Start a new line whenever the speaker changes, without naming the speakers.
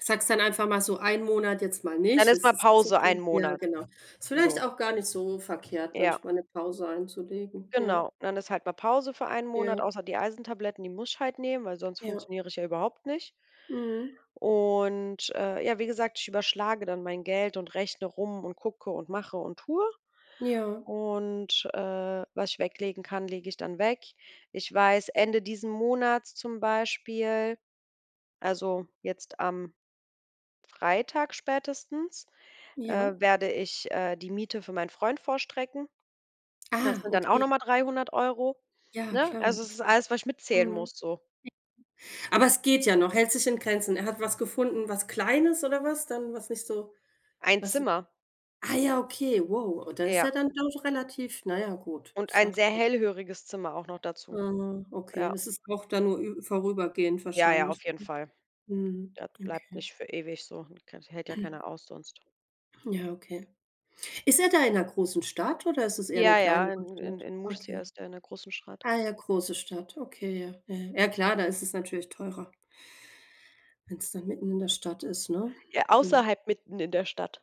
Sagst dann einfach mal so 1 Monat jetzt mal
Dann
nicht,
ist
es
mal
ist nicht so
Pause 1
schlimm, ja
Monat,
genau. Ist vielleicht
so.
auch gar nicht so verkehrt
Ja.
manchmal 'ne Pause einzulegen, ja.
Genau, dann ist halt mal Pause für 1 Monat,
Ja.
außer die Eisentabletten, die muss ich halt nehmen, weil sonst
Ja.
funktioniere ich ja überhaupt nicht.
Mhm.
Und, äh, ja, wie gesagt, ich überschlage dann mein Geld und rechne rum und gucke und mache und tue.
Ja.
Und, äh, was ich weglegen kann, lege ich dann weg. Ich weiß, Ende diesen Monats zum Beispiel, also, jetzt am Freitag spätestens, äh,
Ja.
werde ich, äh, die Miete für meinen Freund vorstrecken. Das
Ah,
sind dann auch
okay.
noch mal 300 €
Ja,
ne?
klar, okay,
Also, es ist alles, was ich mitzählen
mhm.
muss, so.
Aber es geht ja noch, hält sich in Grenzen. Er hat was gefunden, was Kleines oder was dann was nicht so
1
was
Zimmer.
ah ja, okay, wow. Oh, da ist
Ja.
er dann doch relativ na ja, gut.
Und ein sehr
Sachte.
hellhöriges Zimmer auch noch dazu.
Ah, okay,
Ja.
es ist auch dann nur ü vorübergehend
Ja, ja,
wahrscheinlich.
auf jeden Fall.
Mhm.
Das
Mhm.
bleibt
Okay.
nicht für ewig so. Kann das hält ja keiner aus sonst.
Ja, okay. Ist er da in 'ner großen Stadt oder ist es eher 'ne
Ja, ja,
kleinere
in in
Stadt?
in Murcia
Okay.
ist in 'ner großen Stadt.
Ah ja, große Stadt, okay, ja. Ja, ja. Ja, klar, da ist es natürlich teurer. Wenn's dann mitten in der Stadt ist, ne?
Ja,
Hm.
außerhalb, mitten in der Stadt.